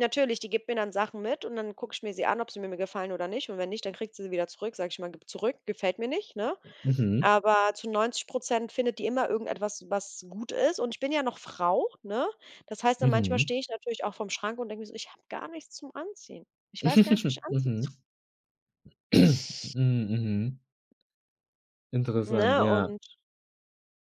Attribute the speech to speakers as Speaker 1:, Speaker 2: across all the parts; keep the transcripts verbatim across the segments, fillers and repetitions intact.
Speaker 1: Natürlich, die gibt mir dann Sachen mit und dann gucke ich mir sie an, ob sie mir mir gefallen oder nicht. Und wenn nicht, dann kriegt sie sie wieder zurück. Sage ich immer: „Gib zurück, gefällt mir nicht“, ne?
Speaker 2: Mhm.
Speaker 1: Aber zu neunzig Prozent findet die immer irgendetwas, was gut ist. Und ich bin ja noch Frau, ne? Das heißt dann, manchmal
Speaker 2: Mhm.
Speaker 1: stehe ich natürlich auch vorm Schrank und denke mir so: „Ich habe gar nichts zum Anziehen. Ich weiß gar nicht, wie ich anziehen so“
Speaker 2: Mhm. Hm, mhm. Interessant,
Speaker 1: Ne?
Speaker 2: ja.
Speaker 1: Und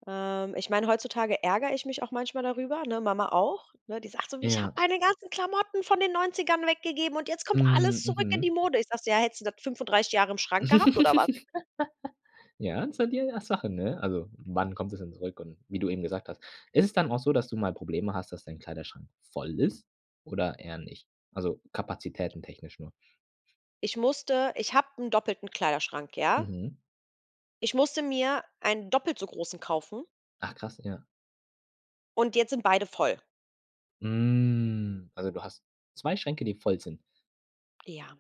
Speaker 1: ähm, ich meine, heutzutage ärgere ich mich auch manchmal darüber, ne? Mama auch, ne? Die sagt so: „Ich habe
Speaker 2: Ja.
Speaker 1: meine ganzen Klamotten von den Neunzigern weggegeben und jetzt kommt
Speaker 2: Hm,
Speaker 1: alles zurück in
Speaker 2: mhm.
Speaker 1: die Mode.“ Ich sage so: „Ja, hättest du das fünfunddreißig Jahre im Schrank gehabt oder was?“
Speaker 2: Ja, so die, äh, Sache, ne? Also, wann kommt es denn zurück? Und wie du eben gesagt hast ist es dann auch so, dass du mal Probleme hast, dass dein Kleiderschrank voll ist oder eher nicht? Also Kapazitäten technisch nur.
Speaker 1: Ich musste ich habe 'n doppelten Kleiderschrank, ja?
Speaker 2: Mhm.
Speaker 1: Ich musste mir einen doppelt so großen kaufen
Speaker 2: Ach krass, ja.
Speaker 1: und jetzt sind beide voll.
Speaker 2: Hm, also, du hast zwei Schränke, die voll sind.
Speaker 1: Ja.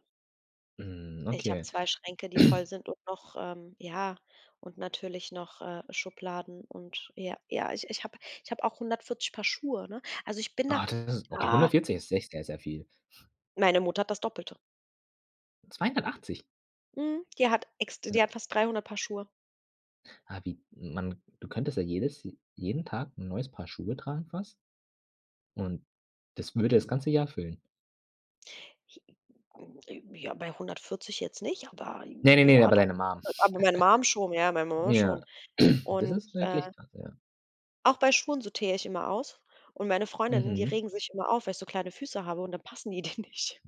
Speaker 2: Hm,
Speaker 1: Ich habe
Speaker 2: okay.
Speaker 1: zwei Schränke, die voll sind und noch, ähm ja, und natürlich noch, äh, Schubladen und ja, ja, ich ich habe ich habe auch hundertvierzig Paar Schuhe, ne? Also, ich bin da,
Speaker 2: Oh das ist okay,
Speaker 1: ah
Speaker 2: hundertvierzig ist echt sehr, sehr viel.
Speaker 1: Meine Mutter hat das Doppelte.
Speaker 2: zweihundertachtzig?
Speaker 1: Mhm, die hat ex d die hat fast dreihundert Paar Schuhe.
Speaker 2: Ah, wie man du könntest ja jedes äh, jeden Tag 'n neues Paar Schuhe tragen fast und das würde das ganze Jahr füllen.
Speaker 1: [unintelligible] Ja, bei hundertvierzig jetzt nicht, aber,
Speaker 2: Ne, ne, ne,
Speaker 1: ja,
Speaker 2: aber
Speaker 1: doch.
Speaker 2: deine Mum.
Speaker 1: Aber meine Mum schon, ja, meine Mama
Speaker 2: Ja,
Speaker 1: schon
Speaker 2: das
Speaker 1: und,
Speaker 2: ist
Speaker 1: äh
Speaker 2: möglich [unintelligible] ja.
Speaker 1: Auch bei Schuhen sortiere ich immer aus. Und meine Freundinnen, die
Speaker 2: Mhm.
Speaker 1: regen sich immer auf, weil ich so kleine Füße habe und dann passen die denen nicht.